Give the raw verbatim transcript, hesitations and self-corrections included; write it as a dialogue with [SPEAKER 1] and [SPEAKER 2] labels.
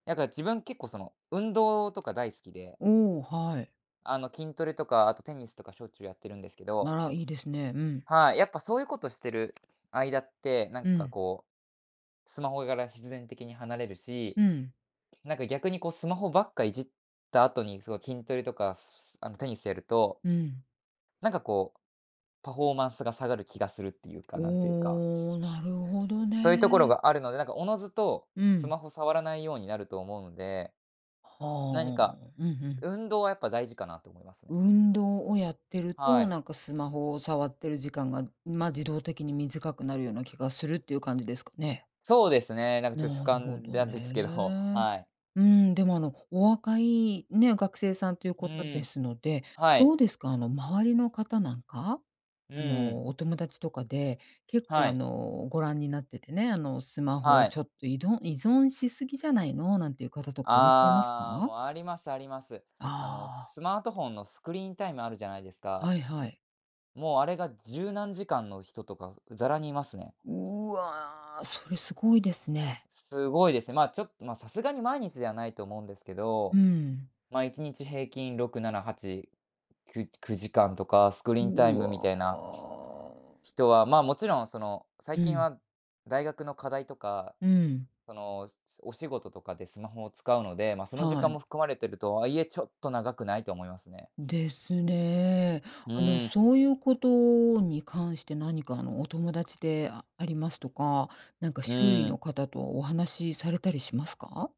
[SPEAKER 1] なんか自分結構その、運動とか大好きで。
[SPEAKER 2] お、はい。
[SPEAKER 1] あの、筋トレとか、あとテニスとかしょっちゅうやってるんですけど。
[SPEAKER 2] あら、いいですね。うん。
[SPEAKER 1] はい。やっぱそういうことしてる間って、なん
[SPEAKER 2] う
[SPEAKER 1] か
[SPEAKER 2] ん。
[SPEAKER 1] こう、スマホがら必然的に離れるし、
[SPEAKER 2] うん。
[SPEAKER 1] なんか逆にこう、スマホばっかいじった後に、すごい筋トレとか、あのテニスやると
[SPEAKER 2] うん。
[SPEAKER 1] なんかこう、パフォーマンスが下がる気がするっていうか、なんていうか。
[SPEAKER 2] おお、なるほど
[SPEAKER 1] そういうところ
[SPEAKER 2] ね。
[SPEAKER 1] があるので、なんか自ずと、
[SPEAKER 2] う
[SPEAKER 1] ス
[SPEAKER 2] ん。
[SPEAKER 1] マホ触らないようになると思うんで何
[SPEAKER 2] は
[SPEAKER 1] か、
[SPEAKER 2] あ。うんうん。
[SPEAKER 1] 運動はやっぱ大事かなと思いますね。
[SPEAKER 2] 運動をやってる
[SPEAKER 1] は
[SPEAKER 2] と、
[SPEAKER 1] い。
[SPEAKER 2] なんかスマホを触ってる時間が、ま、自動的に短くなるような気がするっていう感じですかね？
[SPEAKER 1] そうですね、なんかちょっと主
[SPEAKER 2] なるほ
[SPEAKER 1] 観
[SPEAKER 2] ど
[SPEAKER 1] だですけど、
[SPEAKER 2] ね。
[SPEAKER 1] はい。
[SPEAKER 2] うーんでも、あのお若いね、学生さんという
[SPEAKER 1] う
[SPEAKER 2] ことで
[SPEAKER 1] ん、
[SPEAKER 2] すので、
[SPEAKER 1] はい。
[SPEAKER 2] どうですか。あの周りの方なんか、
[SPEAKER 1] う
[SPEAKER 2] あ
[SPEAKER 1] ん。
[SPEAKER 2] のお友達とかで、結構
[SPEAKER 1] は
[SPEAKER 2] あ
[SPEAKER 1] い。
[SPEAKER 2] のご覧になっててね、あのスマホを
[SPEAKER 1] は
[SPEAKER 2] ち
[SPEAKER 1] い。
[SPEAKER 2] ょっといどん依存しすぎじゃないの、なんていう方とかいらっしゃいます
[SPEAKER 1] ああ、
[SPEAKER 2] か？
[SPEAKER 1] もう、ありますあります。あの、
[SPEAKER 2] ああ。
[SPEAKER 1] スマートフォンのスクリーンタイムあるじゃないですか？
[SPEAKER 2] はいはい。
[SPEAKER 1] もうあれが十何時間の人とか、ざらにいますね。
[SPEAKER 2] うわ、それすごいですね。
[SPEAKER 1] すごいですね。まあ、ちょっ、まあ、さすがに毎日ではないと思うんですけ
[SPEAKER 2] う
[SPEAKER 1] ど、
[SPEAKER 2] ん。
[SPEAKER 1] ま、いちにち平均ろくななはち、きゅくじかんとか、スクリーンタイ
[SPEAKER 2] う
[SPEAKER 1] ムみ
[SPEAKER 2] わ。
[SPEAKER 1] たいな、人は、ま、もちろんその、最
[SPEAKER 2] う
[SPEAKER 1] 近
[SPEAKER 2] ん。
[SPEAKER 1] は、大学の課題とか、
[SPEAKER 2] うん。
[SPEAKER 1] その、お仕事とかでスマホを使うので、まあ、その時
[SPEAKER 2] は
[SPEAKER 1] 間
[SPEAKER 2] い。
[SPEAKER 1] も含まれてるとはいえ、ちょっと長くない、と思いますね。
[SPEAKER 2] ですね。
[SPEAKER 1] う
[SPEAKER 2] あの
[SPEAKER 1] ん。
[SPEAKER 2] そういうことに関して何かあのお友達でありますとか、なんか
[SPEAKER 1] う
[SPEAKER 2] 周囲
[SPEAKER 1] ん。
[SPEAKER 2] の方とお話されたりしますか？